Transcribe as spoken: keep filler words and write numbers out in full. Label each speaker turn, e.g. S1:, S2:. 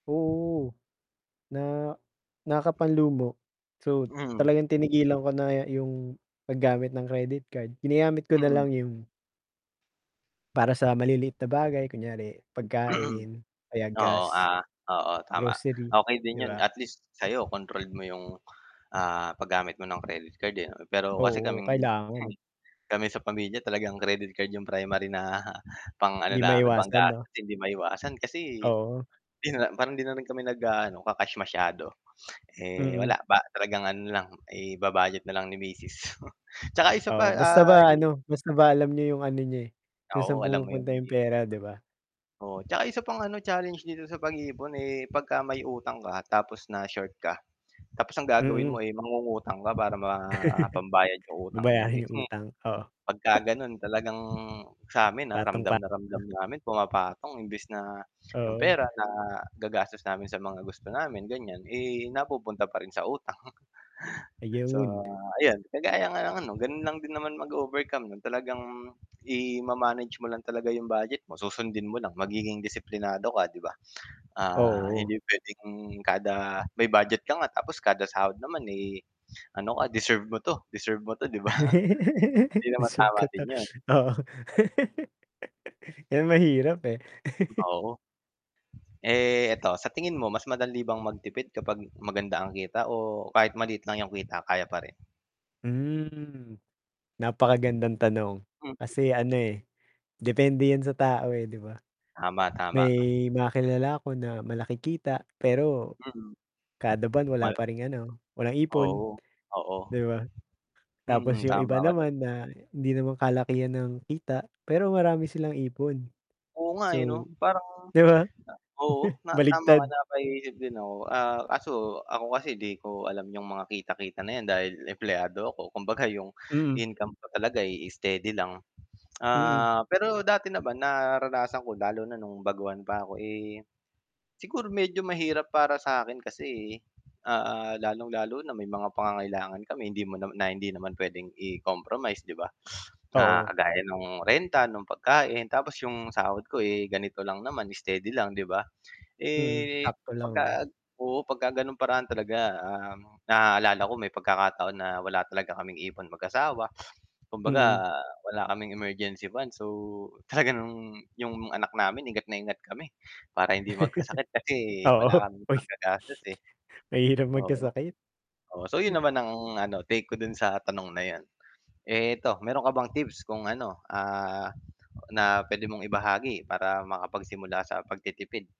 S1: Oo, na nakapanlumo, so,
S2: Mm.
S1: talagang tinigilan ko na yung paggamit ng credit card, ginagamit ko
S2: Mm.
S1: nalang yun para sa maliliit na bagay kunyari pagkain o kaya
S2: Oo,
S1: gas.
S2: ah, oo, tama.
S1: Grocery,
S2: Okey din
S1: 'di
S2: 'yon
S1: ba?
S2: at least sa'yo controlled mo yung, ah, paggamit mo ng credit card, eh, pero kasi
S1: Oo,
S2: kaming
S1: kailangan.
S2: kami sa pamilya talagang credit card 'yong primary na pang ano,
S1: 'Di
S2: namin
S1: maiwasan, 'no.
S2: panggastos hindi maiwasan kasi
S1: Oo.
S2: 'di na parang 'di na rin kami nag-aano ka-cash masyado, eh,
S1: Mm.
S2: wala ba talagang ano na lang iba-budget na lang ni Misis 'tsaka isa pa
S1: Oo, basta
S2: ah
S1: ba, ano, basta ba alam nyo 'yung, ano, niya, eh, kung
S2: Oo,
S1: saan
S2: alam mo yung
S1: pumupunta yung
S2: [unintelligible]
S1: pera, 'di ba?
S2: oo, 'tsaka isa pang, ano, challenge dito sa pag-iipon, eh, 'pagka may utang ka tapos na short ka tapos ang gagawin mo,
S1: Mm.
S2: eh, mangungutang ka para ma pambayad ng utang ngayon. Eh,
S1: Babayarin yung utang oo.
S2: 'pagka ganon talagang samin, ah, ramdam na
S1: Patong-patong.
S2: ramdam namin pumapatong imbis na yung
S1: Oo.
S2: pera nagagastos namin sa mga gusto namin, ganyan, eh, napupunta pa rin sa utang. So,
S1: Ayown.
S2: ayun kagaya nga ng, ano, ganun lang din naman mag-overcome, 'no, talagang ima-manage mo lang talaga yung budget mo, susundin mo lang, magiging disiplinado ka, 'di ba. Ah,
S1: Oo.
S2: hindi pwedeng kada may budget ka nga, tapos kada sahod naman, eh, ano ka deserve mo to, deserve mo 'to, 'di ba hindi naman
S1: Deserve ko
S2: tama
S1: 'to
S2: din yun.
S1: oo. 'Yan mahirap, eh.
S2: Oo. Eh, eto, sa tingin mo, mas madaliang magtipid kapag maganda ang kita, o kahit maliit lang yung kita kaya pa rin.
S1: Hmm, napakagandang tanong
S2: Hmm.
S1: kasi, ano, eh, depende 'yan sa tao, eh, 'di ba?
S2: Tama, tama.
S1: May mga kilala ako na malaki kita, pero
S2: Hmm.
S1: kada buwan wala
S2: Ma
S1: pa ring, ano, walang
S2: Oo,
S1: ipon,
S2: oo.
S1: 'di ba? Tapos,
S2: Mm,
S1: 'yung
S2: tama
S1: iba
S2: ka dun.
S1: naman na hindi naman kalakihan ang kita pero marami silang ipon,
S2: Oo nga eh,
S1: so,
S2: 'no, parang
S1: 'di ba,
S2: oo, na tama ka
S1: baligtad.
S2: napaisip din ako, ah, kaso ako kasi di ko alam 'yung mga kita-kita na yan dahil empleyado ako, kumbaga, yung
S1: Mm.
S2: income ko talaga, eh, steady lang.
S1: Mm.
S2: Ah, pero dati naman naranasan ko lalo na nung baguhaan pa ako, eh, siguro medyo mahirap para sakin kasi, ah, lalong-lalo na may mga pangangailangan kami, hindi mo nama na hindi naman pwedeng i-compromise, 'di ba? Na
S1: Oo.
S2: kagaya ng renta, ng pagkain, tapos yung sahod ko, eh, ganito lang naman steady lang, 'di ba?
S1: Mm,
S2: Eh,
S1: sakto lang.
S2: 'pagka oo, 'pagka gano'ng paraan talaga, ah, naaalala ko may pagkakataon na wala talaga kaming ipon mag-asawa,
S1: Hmm.
S2: kumbaga wala kaming emergency funds. So, talaga nung 'yung anak namin ingat na ingat kami para hindi magkasakit kasi
S1: Oo.
S2: wala kaming panggagastos, eh.
S1: Mahirap
S2: Oo,
S1: magkasakit,
S2: oo, so, 'yon
S1: hmm.
S2: naman ang, ano, take ko do'n sa tanong na 'yon, eh, ito, meron ka bang tips kung, ano, ah, na puwede mong ibahagi para makapagsimula sa pagtitipid?